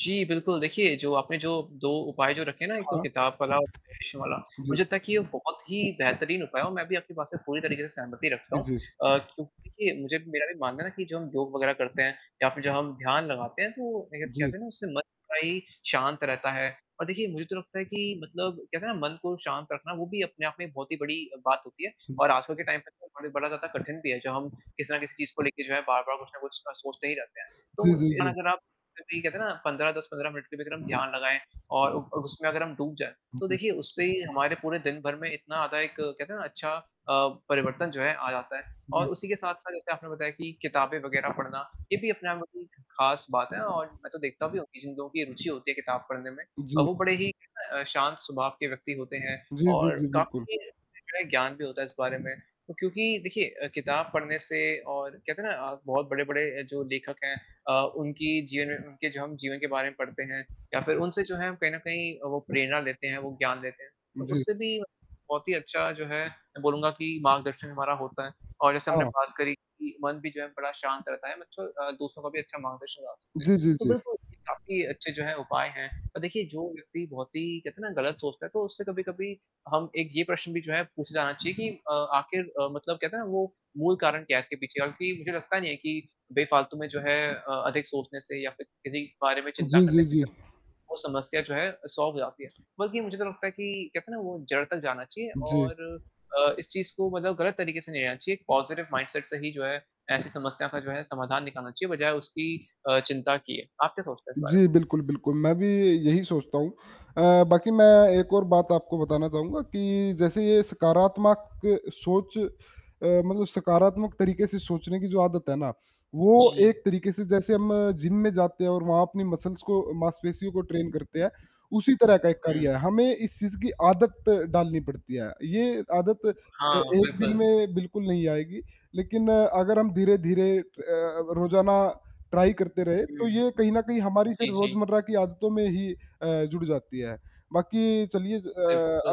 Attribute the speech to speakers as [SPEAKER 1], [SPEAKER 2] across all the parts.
[SPEAKER 1] जी बिल्कुल, देखिए जो आपने जो 2 उपाय जो रखे हैं ना, एक तो
[SPEAKER 2] हाँ।
[SPEAKER 1] किताब वाला और [unintelligible] वाला,
[SPEAKER 2] जी।
[SPEAKER 1] मुझे लगता कि ये बहुत ही बेहतरीन उपाय है और मैं भी आपकी बात से पूरी तरीके से सहमति रखता
[SPEAKER 2] इ
[SPEAKER 1] हूँ
[SPEAKER 2] जी।
[SPEAKER 1] अ, क्योंकि देखिए मुझे भी मेरा भी मानना है कि जो हम योग वग़ैरह करते हैं या फिर जब हम ध्यान लगाते हैं, तो देखिए
[SPEAKER 2] जी।
[SPEAKER 1] कहते हैं ना उससे मन बड़ा ही शांत रहता है और देखिए मुझे तो लगता है कि मतलब कहते हैं ना, मन को शांत रखना वो भी अपने आप में बहुत ही बड़ी बात होती है और
[SPEAKER 2] जी।
[SPEAKER 1] आजकल के टाइम पे तो बड़े बड़ा ज़्यादा कठिन भी है, जो हम किसी ना किसी चीज़ को लेके जो है बार-बार कुछ ना कुछ गलत सोचते ही रहते हैं,
[SPEAKER 2] जी,
[SPEAKER 1] तो
[SPEAKER 2] जी, जी।
[SPEAKER 1] अगर आप सिर्फ़ यही कहते हैं ना, 15-10-15 मिनट के भी अगर हम ध्यान लगाएँ और उ अ, उसमें अगर हम डूब जाएँ, तो
[SPEAKER 2] जी।
[SPEAKER 1] देखिए उससे हमारे पूरे दिन भर में इतना आधा एक कहते हैं ना अच्छा अ, परिवर्तन जो है आ जाता है और
[SPEAKER 2] जी।
[SPEAKER 1] उसी के साथ-साथ जैसे आपने बताया कि किताबें वग़ैरह पढ़ना, ये भी अपने आप में बहुत ही ख़ास बात है और मैं तो देखता भी हूँ कि जिन लोगों की रुचि होती है किताब पढ़ने में,
[SPEAKER 2] जी।
[SPEAKER 1] वो बड़े ही अ, शांत स्वभाव के व्यक्ति होते हैं
[SPEAKER 2] जी, जी,
[SPEAKER 1] और
[SPEAKER 2] जी। बिल्कुल।
[SPEAKER 1] काफ़ी [unintelligible] ज्ञान भी होता है इस बारे में, क्योंकि देखिए अ, किताब पढ़ने से और कहते है ना अ, बहुत बड़े-बड़े अ, जो लेखक हैं अ, उनकी जीवन उनके जो हम जीवन के बारे में पढ़ते हैं या फिर उनसे जो है कहीं न कहीं वो प्रेरणा लेते हैं, वो ज्ञान लेते हैं, तो
[SPEAKER 2] जी।
[SPEAKER 1] उससे भी बहुत ही अच्छा जो है मैं बोलूँगा कि मार्गदर्शन हमारा होता है और जैसे हमने
[SPEAKER 2] हाँ।
[SPEAKER 1] बात करी कि मन भी जो है बड़ा शांत रहता है मतलब अ, दूसरों का भी अच्छा मार्गदर्शन करा सकते हैं,
[SPEAKER 2] जी, जी,
[SPEAKER 1] तो
[SPEAKER 2] जी।
[SPEAKER 1] बिल्कुल ये काफ़ी अच्छी जो है उपाय हैं और देखिए जो व्यक्ति बहुत ही कहते हैं ना गलत सोचता है तो उससे कभी-कभी हम एक ये प्रश्न भी जो है पूछे जाना चाहिए कि अ, आखिर अ, मतलब कहते हैं ना वो मूल कारण क्या है इसके पीछे और कि मुझे लगता नहीं है कि बेफ़ालतू में जो है अ, अधिक सोचने से या फिर किसी बारे में चिंता
[SPEAKER 2] जी,
[SPEAKER 1] करने
[SPEAKER 2] जी,
[SPEAKER 1] से जो है,
[SPEAKER 2] जी।
[SPEAKER 1] वो समस्या जो है सॉल्व हो जाती है, बल्कि मुझे तो लगता है कि कहते हैं ना वो जड़ तक जाना चाहिए
[SPEAKER 2] जी।
[SPEAKER 1] और अ, इस चीज़ को मतलब गलत तरीके से नहीं लेना चाहिए, एक पॉज़िटिव माइंडसेट से ही जो है, ऐसी समस्या का जो है समाधान निकालना चाहिए बजाय उसकी अ, चिंता किये है, आप क्या सोचते हैं इस बारे में?
[SPEAKER 2] जी। बिल्कुल, बिल्कुल। मैं भी यही सोचता हूँ अ, बाकी मैं एक और बात आपको बताना चाहूँगा कि जैसे ये सकारात्मक सोच अ, मतलब सकारात्मक तरीके से सोचने की जो आदत है ना, वो
[SPEAKER 1] जी।
[SPEAKER 2] एक तरीके से जैसे हम जिम में जाते हैं और वहाँ अपनी मसल्स को मांसपेशियों को ट्रेन करते हैं, उसी तरह का एक कार्य
[SPEAKER 1] हुँ।
[SPEAKER 2] है हमें इस चीज़ की आदत डालनी पड़ती है, ये आदत ए
[SPEAKER 1] हाँ
[SPEAKER 2] एक दिन
[SPEAKER 1] बिल्कुल।
[SPEAKER 2] में बिल्कुल नहीं आएगी लेकिन अगर हम धीरे-धीरे अ, रोज़ाना ट्राई करते रहे,
[SPEAKER 1] हुँ।
[SPEAKER 2] तो ये कहीं न कहीं हमारी फिर
[SPEAKER 1] जी, जी।
[SPEAKER 2] रोज़मर्रा की आदतों में ही अ, जुड़ जाती है, बाकी चलिए अ,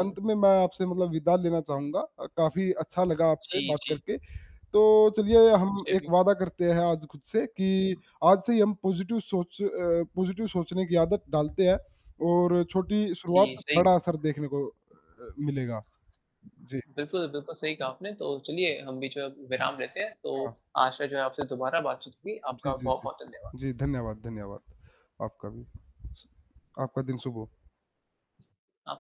[SPEAKER 2] अंत में मैं आपसे मतलब विदा लेना चाहूँगा अ, काफ़ी अच्छा लगा आपसे
[SPEAKER 1] जी,
[SPEAKER 2] बात
[SPEAKER 1] जी।
[SPEAKER 2] करके, तो चलिए हम
[SPEAKER 1] मुझे
[SPEAKER 2] एक
[SPEAKER 1] भी।
[SPEAKER 2] वादा करते हैं आज खुद से कि आज से ही हम पॉज़िटिव सोच अ, पॉज़िटिव सोचने की आदत डालते हैं और छोटी शुरुआत,
[SPEAKER 1] जी, सही
[SPEAKER 2] बड़ा
[SPEAKER 1] बा
[SPEAKER 2] असर देखने को अ, मिलेगा। जी।
[SPEAKER 1] बिल्कुल बिल्कुल सही कहा आपने, तो चलिए हम भी जो है विराम लेते हैं, तो
[SPEAKER 2] हाँ।
[SPEAKER 1] आशा है जो है आपसे दोबारा बातचीत होगी।
[SPEAKER 2] जी,
[SPEAKER 1] आपका
[SPEAKER 2] जी, जी।
[SPEAKER 1] बहुत-बहुत धन्यवाद।
[SPEAKER 2] जी धन्यवाद, धन्यवाद। आपका भी शु आपका दिन शुभ हो।
[SPEAKER 1] हाँ।